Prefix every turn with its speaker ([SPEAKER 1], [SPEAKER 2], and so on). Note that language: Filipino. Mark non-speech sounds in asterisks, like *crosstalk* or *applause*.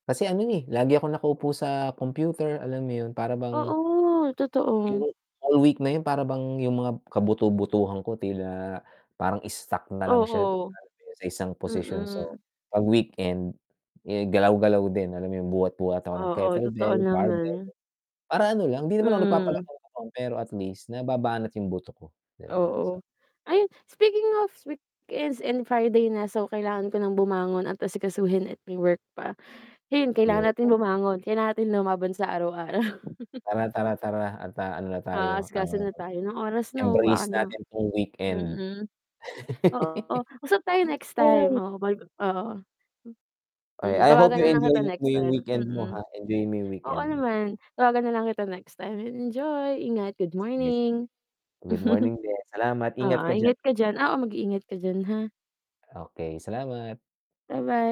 [SPEAKER 1] Kasi ano eh, lagi akong nakaupo sa computer, alam mo yun para bang
[SPEAKER 2] Oo, totoo.
[SPEAKER 1] yung all week na yun, para bang yung mga kabuto-butuhan ko tila parang stuck na lang siya
[SPEAKER 2] Oo.
[SPEAKER 1] sa isang posisyon. So
[SPEAKER 2] Mm.
[SPEAKER 1] 'pag weekend, eh galaw-galaw din alam mo yung buhat-buhat ako ng
[SPEAKER 2] Oo totoo
[SPEAKER 1] kettlebell, barbell,
[SPEAKER 2] naman.
[SPEAKER 1] para ano lang hindi naman ako
[SPEAKER 2] Mm.
[SPEAKER 1] nagpapalaki pero at least nababanat yung buto ko. 'Di ba?
[SPEAKER 2] Oo.
[SPEAKER 1] Sa
[SPEAKER 2] Ayun, speaking of weekends and Friday na, so kailangan ko ng bumangon at asikasuhin at may work pa. *sighs* Ayun kailangan natin
[SPEAKER 1] Ayoko.
[SPEAKER 2] bumangon kailangan natin lumaban sa araw-araw. *laughs*
[SPEAKER 1] Tara, tara, tara, at ano na tayo, ah,
[SPEAKER 2] Aasikasona tayo, anong oras na baka
[SPEAKER 1] embrace
[SPEAKER 2] na
[SPEAKER 1] natin 'tong weekend.
[SPEAKER 2] mm. Oo usap tayo
[SPEAKER 1] *laughs*
[SPEAKER 2] next time,
[SPEAKER 1] Mamasyal.
[SPEAKER 2] oo, bagu oo. M
[SPEAKER 1] I
[SPEAKER 2] Mm
[SPEAKER 1] I hope
[SPEAKER 2] tawagan
[SPEAKER 1] you
[SPEAKER 2] na lang
[SPEAKER 1] enjoy
[SPEAKER 2] kita
[SPEAKER 1] mo
[SPEAKER 2] next
[SPEAKER 1] yung
[SPEAKER 2] time,
[SPEAKER 1] weekend mo
[SPEAKER 2] mm.
[SPEAKER 1] ha, enjoy mo yung
[SPEAKER 2] Oo
[SPEAKER 1] weekend mo.
[SPEAKER 2] naman tawagan na lang kita next time, enjoy ingat, good
[SPEAKER 1] Sige, sige,
[SPEAKER 2] morning.
[SPEAKER 1] good
[SPEAKER 2] *chuckles*
[SPEAKER 1] morning din. Salamat, ingat
[SPEAKER 2] Oo,
[SPEAKER 1] ka diyan.
[SPEAKER 2] ingat ka diyan, oo, mag-iingat ka diyan ha.
[SPEAKER 1] Okay, salamat.
[SPEAKER 2] Ba-bye.